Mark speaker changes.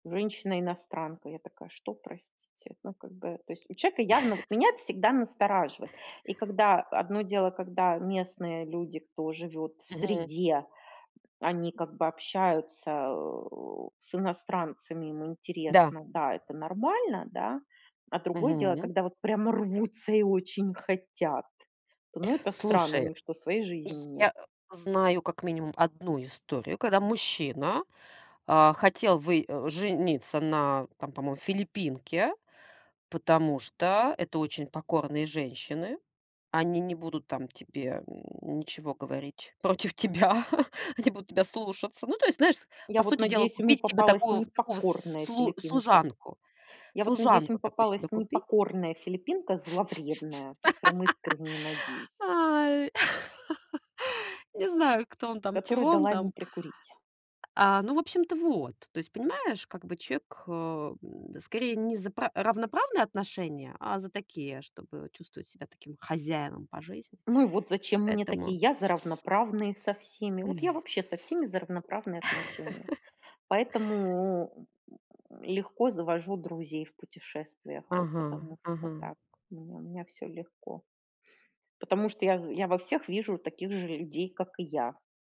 Speaker 1: Женщина-иностранка. Я такая: "Что, простите?" Ну, как бы, то есть у человека явно вот меня это всегда настораживает. И когда, одно дело, когда местные люди, кто живет в
Speaker 2: Мгм.
Speaker 1: среде, они как бы общаются, э, с иностранцами, им
Speaker 2: Да.
Speaker 1: интересно, да, это нормально, да. А другое дело,
Speaker 2: Мгм.
Speaker 1: когда вот прямо рвутся и очень хотят, то, ну, это странно. У
Speaker 2: Слушай,
Speaker 1: них что, своей жизни нет?
Speaker 2: я знаю, как минимум, 1 историю, когда мужчина, а, хотел вы э, жениться на там, по-моему, филиппинке, потому что это очень покорные женщины. Они не будут там тебе, м, ничего говорить против тебя, они будут тебя слушаться. Ну, то есть, знаешь, по
Speaker 1: Я вот
Speaker 2: сути дела
Speaker 1: надеюсь, ему
Speaker 2: купить себе
Speaker 1: попалась
Speaker 2: такую такого
Speaker 1: непокорная
Speaker 2: слу
Speaker 1: филиппинка.
Speaker 2: служанку
Speaker 1: Я вот надеюсь, ему
Speaker 2: служанку такую
Speaker 1: попалась
Speaker 2: себе купить.
Speaker 1: непокорная филиппинка, зловредная, вот прям искренне надеюсь.
Speaker 2: Ой. Не знаю, кто он там,
Speaker 1: Которая
Speaker 2: чего он
Speaker 1: дала ему
Speaker 2: там.
Speaker 1: прикурить.
Speaker 2: А, ну, в общем-то вот. То есть понимаешь, как бы человек, э, м, скорее, не за пра равноправные отношения, а за такие, чтобы чувствовать себя таким хозяином по жизни.
Speaker 1: Ну и вот зачем мне такие?
Speaker 2: Поэтому
Speaker 1: Я за равноправные со всеми. Вот я вообще со всеми за равноправные отношения. Поэтому, м м, легко завожу друзей в путешествиях. Вот
Speaker 2: Ага,
Speaker 1: потому что
Speaker 2: ага.
Speaker 1: так, у меня у меня всё легко. Потому что я з я во всех вижу таких же людей, как и я.